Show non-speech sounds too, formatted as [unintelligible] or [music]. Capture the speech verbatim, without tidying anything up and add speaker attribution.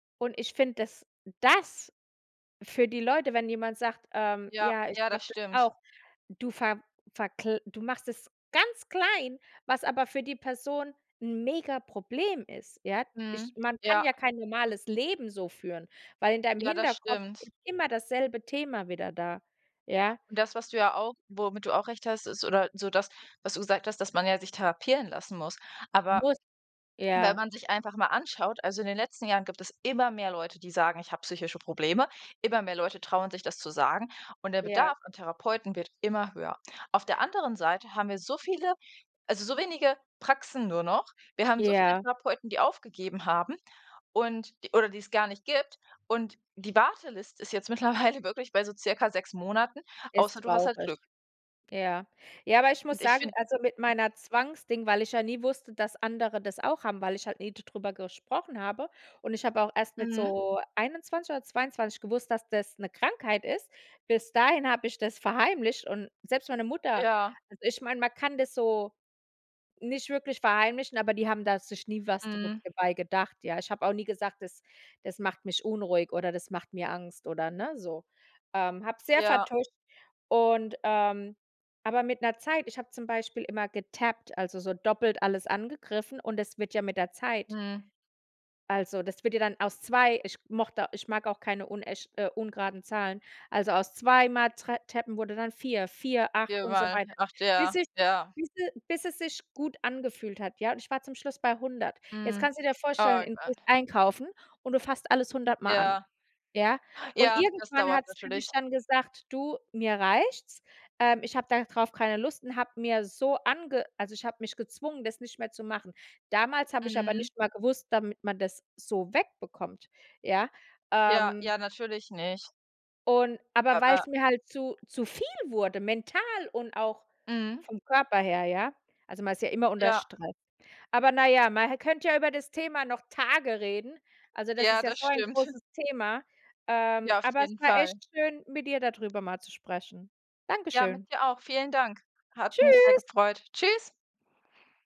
Speaker 1: Und ich finde, dass das für die Leute, wenn jemand sagt: „Ähm,
Speaker 2: Ja,
Speaker 1: ja, ich
Speaker 2: ja,
Speaker 1: glaube
Speaker 2: das
Speaker 1: das
Speaker 2: stimmt.
Speaker 1: auch, du ver verkl du machst das ganz klein." Was aber für die Person 'n Megaproblem ist, ja? Ich
Speaker 2: Mhm,
Speaker 1: man kann
Speaker 2: ja.
Speaker 1: ja kein normales Leben so führen, weil in deinem
Speaker 2: Ja, das
Speaker 1: Hinterkopf
Speaker 2: stimmt.
Speaker 1: ist immer dasselbe Thema wieder da, ja?
Speaker 2: Und das, was du ja auch womit du auch recht hast, ist oder so das, was du gesagt hast, dass man ja sich therapieren lassen muss. Aber
Speaker 1: Muss,
Speaker 2: wenn
Speaker 1: ja.
Speaker 2: man sich einfach mal anschaut also in den letzten Jahren gibt es immer mehr Leute, die sagen: „Ich habe psychische Probleme“, immer mehr Leute trauen sich, das zu sagen. Und der
Speaker 1: Ja.
Speaker 2: Bedarf an Therapeuten wird immer höher. Auf der anderen Seite haben wir so viele also so wenige Praxen nur noch. Wir haben so viele
Speaker 1: Ja.
Speaker 2: Therapeuten, die aufgegeben haben und oder die's gar nicht gibt. Und die Warteliste ist jetzt mittlerweile wirklich bei so circa sechs Monaten,
Speaker 1: Ist
Speaker 2: außer du hast halt
Speaker 1: traurig.
Speaker 2: Glück.
Speaker 1: Ja. Ja, aber ich
Speaker 2: Und
Speaker 1: muss
Speaker 2: ich
Speaker 1: sagen,
Speaker 2: find
Speaker 1: also mit meiner Zwangsding, weil ich ja nie wusste, dass andere das auch haben, weil ich halt nie darüber gesprochen habe. Und ich habe auch erst mit
Speaker 2: Mhm.
Speaker 1: so einundzwanzig oder zweiundzwanzig gewusst, dass das ’ne Krankheit ist. Bis dahin habe ich das verheimlicht und selbst meine Mutter
Speaker 2: Ja.
Speaker 1: also ich meine, man kann das so nicht wirklich verheimlichen, aber die haben da sich nie was darüber
Speaker 2: Mhm.
Speaker 1: dabei gedacht, ja. Ich habe auch nie gesagt, das das macht mich unruhig oder das macht mir Angst oder, ne, so. Ähm, habe es sehr
Speaker 2: Ja.
Speaker 1: vertuscht und ähm, aber mit 'ner Zeit ich habe zum Beispiel immer getappt, also so doppelt alles angegriffen und es wird ja mit der Zeit
Speaker 2: Mhm.
Speaker 1: also das wird ja dann aus zwei ich mochte ich mag auch keine unechte äh, ungeraden Zahlen, also aus zweimal Trap Tappen wurde dann vier, vier, acht und so weiter,
Speaker 2: [unintelligible] acht,
Speaker 1: bis
Speaker 2: ja,
Speaker 1: es
Speaker 2: ja.
Speaker 1: bis e bis es sich gut angefühlt hat, ja. Und ich war zum Schluss bei hundert. Jetzt
Speaker 2: Mhm.
Speaker 1: kannst du dir
Speaker 2: Oh
Speaker 1: vorstellen
Speaker 2: mein
Speaker 1: in du gehst
Speaker 2: Gott.
Speaker 1: einkaufen und du fasst alles hundertmal an,
Speaker 2: Ja.
Speaker 1: ja? Und
Speaker 2: Ja, dass
Speaker 1: irgendwann
Speaker 2: dauert
Speaker 1: hat's für
Speaker 2: natürlich.
Speaker 1: mich dann gesagt: „Du, mir reicht's, ähm. Ich habe darauf keine Lust“ und habe mir so ange also ich habe mich gezwungen, das nicht mehr zu machen. Damals habe ich aber
Speaker 2: Mhm.
Speaker 1: nicht mal gewusst damit man das so wegbekommt, ja?
Speaker 2: Ja,
Speaker 1: Ähm
Speaker 2: ja natürlich nicht.
Speaker 1: und aber
Speaker 2: Aber
Speaker 1: weil's mir halt zu zu viel wurde, mental und auch
Speaker 2: Mhm.
Speaker 1: vom Körper her, ja? Also man ist ja immer unter
Speaker 2: Ja.
Speaker 1: Stress. Aber na ja, man hä könnte ja über das Thema noch Tage reden. Also das ist
Speaker 2: Ja,
Speaker 1: ja
Speaker 2: das
Speaker 1: so ein
Speaker 2: stimmt. [chuckles]
Speaker 1: großes Thema, ähm.
Speaker 2: Ja, auf
Speaker 1: Aber es
Speaker 2: jeden
Speaker 1: war echt
Speaker 2: Fall.
Speaker 1: schön, mit dir darüber mal zu sprechen.
Speaker 2: Ja, mit
Speaker 1: Dankeschön.
Speaker 2: dir auch. Vielen Dank. Hat mich sehr
Speaker 1: Tschüss.
Speaker 2: gefreut. Tschüss.